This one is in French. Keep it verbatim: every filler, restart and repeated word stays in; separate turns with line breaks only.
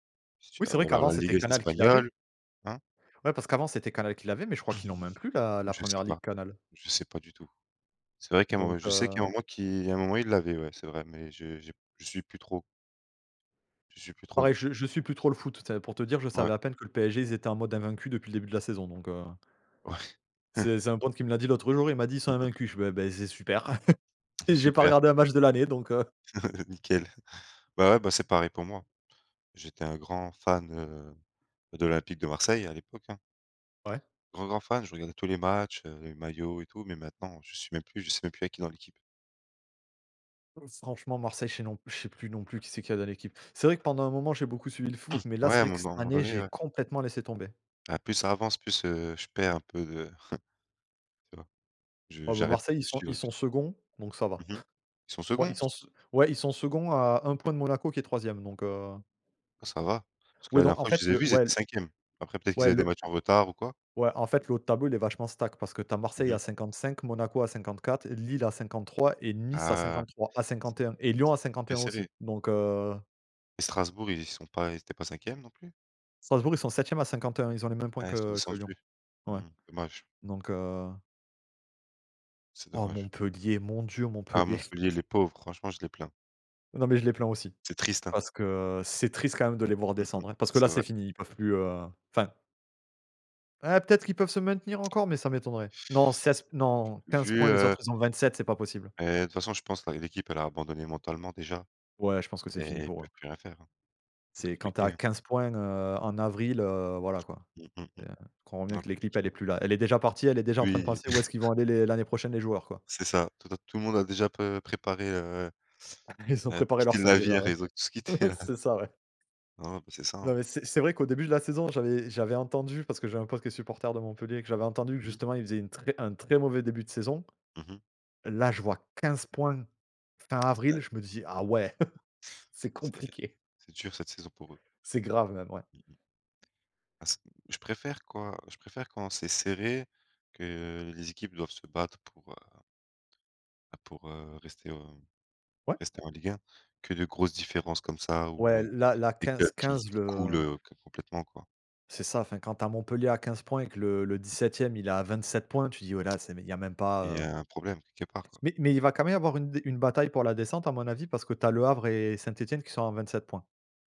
Si tu
Oui,
as
c'est vrai
ou alors
qu'avant
la
c'était
Liga
Canal qui l'avait.
espagnole. Hein?
Ouais parce qu'avant, c'était Canal qui l'avait, mais je crois
Mmh,
qu'ils l'ont même plus la la
je sais
première ligue,
pas,
Canal.
je sais pas du tout. C'est vrai qu'à un moment
Donc,
je sais qu'il y a un
heu
moment qui il y a un moment, ils l'avaient, ouais c'est vrai, mais j'ai je p je suis plus trop. Je suis plus trop, hônnet
Pareil, je je suis plus trop le foot, c'est pour te dire je
Ouais.
savais à peine que le PSG ils étaient en mode invaincu depuis le début de la saison, donc, heu.
Ouais.
C'est c'est un pote qui me l'a dit l'autre jour, il m'a dit: «Ils sont
Mmh mh.
invaincu», je fais: «Bah, beh, c'est super» et j'ai pas
Super.
regardé un match de l'année donc, heu.
Nickel. Bah ouais, bah, c'est pareil pour moi. J'étais un grand fan, heu, de l'Olympique de Marseille à l'époque, hein.
Ouais.
Grand, grand fan, je regardais tous les matchs, heu, les maillots et tout, mais maintenant je suis même plus je sais même plus il y a qui dans l'équipe.
Heu, franchement Marseille, je sais non pl je sais plus non plus qui c'est qu'il y a dans l'équipe. C'est vrai que pendant un moment, j'ai beaucoup suivi le foot, mais là,
Ouais,
c'est
à un
vrai que
mo
cette
dans à un moment
année
donné,
j'ai
ouais.
complètement laissé tomber.
Ah, plus ça avance, plus, heu, je perds un peu de tu vois, je
Oh, bah,
j'arrête
Marseille, ils
de
sont
suivre
ils
et puis
sont seconds, donc ça va.
mmh mh. Ils sont
Bon, ils
seconds? C
sont se ouais, ils sont seconds à un point de Monaco qui est troisième, donc, heu
Ah ça va, parce que
oui
la
donc,
dernière
en
fois que
fait,
je les ai
le
vu, ils
ouais, l
étaient cinquième, après peut-être qu'ils
ouais
avaient des
le
matchs
l
en retard ou quoi.
ouais, en fait, le haut de tableau, il est vachement stack parce que tu as
Mmh
Marseille à
mh.
cinquante-cinq, Monaco à cinquante-quatre et Lille à cinquante-trois et Nice à
Ah.
cinquante-trois à
C
cinquante-et-un, et Lyon à
c'était
cinquante-et-un
serré.
aussi, donc, heu
Et Strasbourg, ils sont pas ils étaient pas cinquième, non plus?
Strasbourg, ils sont septième à cinquante-et-un, ils ont les mêmes points
Ah, ils sont
que que Lyon.
descendus.
Ouais,
Mmh. Dommage.
donc, heu
C'est
Oh
dommage.
Montpellier, mon dieu,
Ah
Montpellier.
Montpellier, les pauvres franchement, je les plains.
Non, mais je les plains aussi.
C'est triste, hein?
Parce que c'est triste quand même de les voir
Mmh mh.
descendre, hein, parce que
C'est
là c'est
vrai.
fini, ils peuvent plus, heu, enfin eh peut-être qu'ils peuvent se maintenir encore, mais ça m'étonnerait. Non seize p non
V
quinze
vu,
points, les
heu
autres ils ont vingt-sept, c'est pas possible.
et de toute façon, je pense, là, l'équipe, elle a abandonné mentalement déjà
Ouais, je pense que c'est fini
et ils
pour eux.
peuvent plus rien faire, hein. Ça va être
C'est quand tu es
compliqué,
à
hein.
quinze points, heu, en avril, heu, voilà quoi.
Mmh, mmh
Et tu comprends
mh.
bien
Ouais,
que l'équipe elle est
compliqué.
plus là. Elle est déjà partie, elle est déjà en train de
Oui.
penser où est-ce qu'ils vont aller les l'année prochaine les joueurs, quoi.
C'est ça, tota tout le monde a déjà pe préparé, heu,
Ils ont
bah de
préparé leur
quitter le
sac déjà,
navire,
ouais.
ils ont tous quitté, là.
C'est ça ouais.
Hein, ben, c'est ça,
Non
hein.
mais c'est c'est vrai qu'au début de la saison, j'avais j'avais entendu, parce que j'avais un pote qui est supporter de Montpellier, que j'avais entendu que
Mmh mh.
justement ils faisaient une très un très mauvais début de saison.
Mmh mh.
Là, je vois quinze points fin avril, je me dis: «Ah ouais, c'est
C'est
compliqué».
c'est dur cette saison pour eux.
C'est grave même, ouais.
Mmh mh. Ah, c je préfère quoi, je préfère quand c'est serré, que les équipes doivent se battre pour, heu bah pour, heu, rester, heu,
Ouais.
rester en Ligue 1, que de grosses différences comme ça ou
Ouais,
heu,
la la
des
quinze
clubs qui
quinze,
qui coulent,
le
heu, ca complètement, quoi.
C'est ça, enfin quand tu as Montpellier à quinze points et que le le
Mmh mh.
dix-septième il est à vingt-sept points, tu dis: «Ouais, là c'est mais il y a même pas,
Et il y
heu»
a un problème quelque part, quoi.
mais mais il va quand même y avoir une de une bataille pour la descente à mon avis parce que tu as Le Havre et Saint-Étienne qui sont à vingt-sept points.